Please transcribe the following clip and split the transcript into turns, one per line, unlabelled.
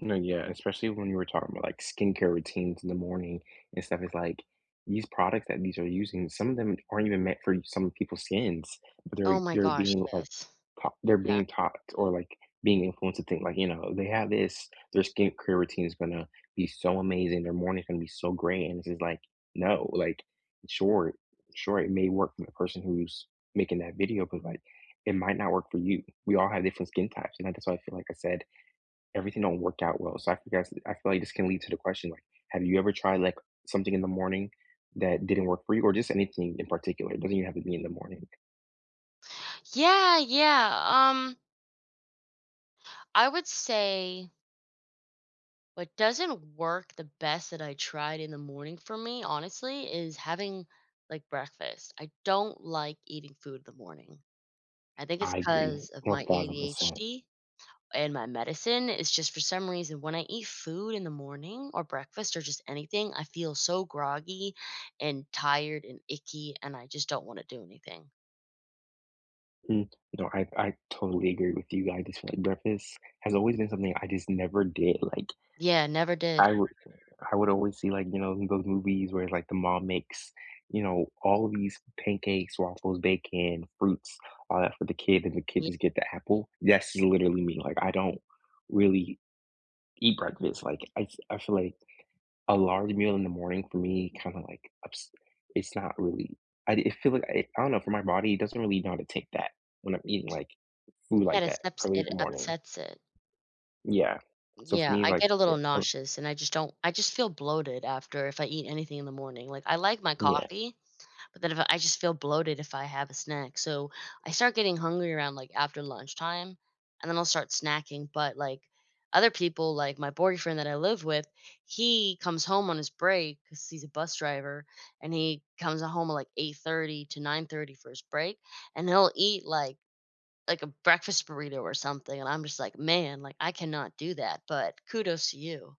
No, yeah, especially when you were talking about, like, skincare routines in the morning and stuff, it's, like, these products that these are using, some of them aren't even meant for some of people's skins.
Oh,
They're
my
they're
gosh,
being, like,
yes.
ta they're
Yeah.
being taught or, like, being influenced to think, like, know, "They have this, their skin care routine is gonna be so amazing, their morning's gonna be so great," and it is, like, no, like, sure sure, it may work for the person who's making that video, but, like, it might not work for you. We all have different skin types, and that's why I feel like I said, "Everything don't work out well." So I can guess I feel like this can lead to the question, like, have you ever tried, like, something in the morning that didn't work for you? Or just anything in particular, it doesn't even have to be in the morning.
Yeah, yeah, um I would say what doesn't work the best that I tried in the morning for me, honestly, is having, like, breakfast. I don't like eating food in the morning. I think it's
I agree
'cause of
one
my
thousand percent.
ADHD and my medicine, it's just for some reason, when I eat food in the morning or breakfast or just anything, I feel so groggy and tired and icky, and I just don't wanna do anything.
N no. I I totally agree with you, I just feel like breakfast has always been something I just never did, like,
Yeah, never did.
I would I would always see, like, you know, in those movies where, like, the mom makes, you know, all of these pancakes, waffles, bacon, fruits, all that for the kid, and the kid
Ye
just get the apple. That's literally me, like, I don't really eat breakfast, like, I f I feel like a large meal in the morning for me kinda, like, ups it's not really I it'd feel, like I don't know, for my body, it doesn't really know how to take that when I'm eating, like, food,
Yeah,
like
it
that
upsets
early in
it
the morning.
upsets it.
Yeah. So for
Yeah,
me,
I get a
like, yeah,
little
uh
nauseous, and I just don't I just feel bloated after if I eat anything in the morning, like, I like my
Yeah.
coffee, but then if I just feel bloated if I have a snack. So, I start getting hungry around, like, after lunchtime, and then I'll start snacking, but, like, other people, like my boyfriend that I live with, he comes home on his break- 'cause he's a bus driver- and he comes home at 08:30 to 09:30 for his break, and he'll eat, like like a breakfast burrito or something, and I'm just, like, "Man," like, "I cannot do that, but kudos to you."